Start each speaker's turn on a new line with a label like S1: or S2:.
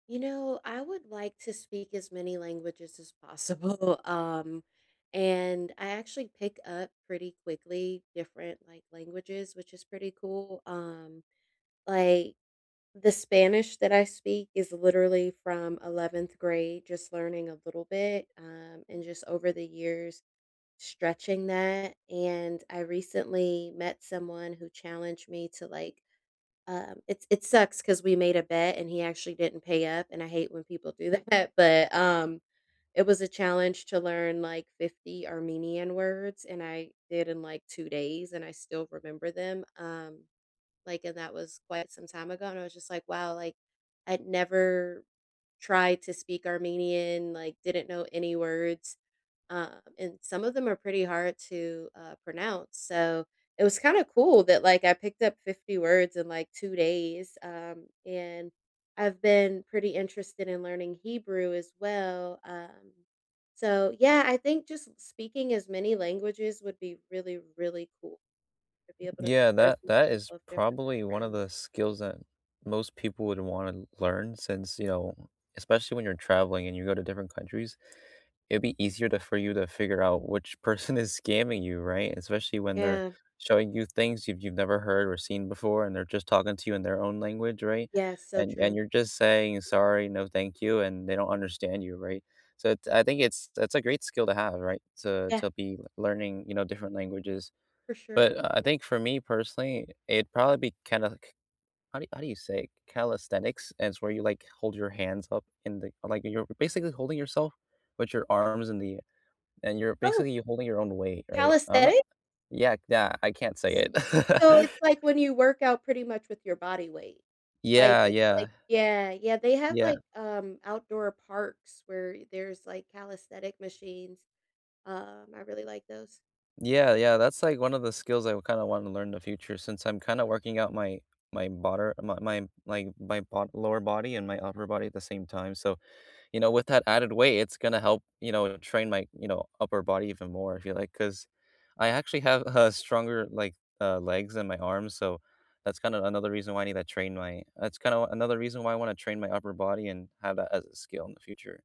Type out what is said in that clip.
S1: You know, I would like to speak as many languages as possible, um, and I actually pick up pretty quickly different, like, languages, which is pretty cool, um, like, the Spanish that I speak is literally from 11th grade, just learning a little bit, um, and just over the years stretching that, and I recently met someone who challenged me to like, um it it sucks 'cause we made a bet and he actually didn't pay up, and I hate when people do that but, um, it was a challenge to learn like 50 Armenian words, and I did in, like, 2 days and I still remember them, um, like, and that was quite some time ago and I was just like, "Wow, like, I'd never tried to speak Armenian, like didn't know any words," uh, and some of them are pretty hard to, uh, pronounce, so it was kind of cool that, like, I picked up 50 words in like 2 days, um, and I've been pretty interested in learning Hebrew as well, um so yeah, I think just s speaking as many languages would be really, really cool to be able to
S2: Yeah,
S1: converse
S2: that
S1: with
S2: that is
S1: people of different
S2: probably one of
S1: backgrounds.
S2: the skills that most people would wanna learn since, you know, especially when you're traveling and you go to different countries, it'd be easier to for you to figure out which person is scamming you, right, especially when they're
S1: Yeah.
S2: showing you things you've you've never heard or seen before, and they're just talking to you in their own language, right,
S1: Yeah, so
S2: and and
S1: true.
S2: you're just saying, "Sorry, no, thank you," and they don't understand you, right, so it's I think it's it's a great skill to have, right, so,
S1: Yeah.
S2: to be l learning, you know, different languages,
S1: For sure.
S2: but, uh, I think for me personally, it'd probably be calock how do how do you say it? Calisthenics, and it's where you, like, hold your hands up in the like, you're basically holding yourself with your arms in the ai and you're
S1: Oh
S2: basically holding your own weight, right? I'm not
S1: calisthenics?
S2: Yeah, c that, I can't say
S1: S
S2: it.
S1: so it's like when you work out pretty much with your body weight, like,
S2: Yeah,
S1: it's
S2: yeah.
S1: like yeah, yeah, they have,
S2: Yeah.
S1: like, um, outdoor parks where there's, like, calisthenic machines, um, I really like those.
S2: Yeah, yeah, that's like one of the skills I would kinda wanna learn in the future since I'm kinda working out my my bottor m my my my part lower body and my upper body at the same time, so, you know, with that added weight, it's gonna help, you know, train my, you know, upper body even more, I feel like, 'cause I actually have a stronger, like, uh, legs and my arms, so that's kinda another reason why I need to train my that's kinda another reason why I wanna train my upper body and have that as a skill in the future.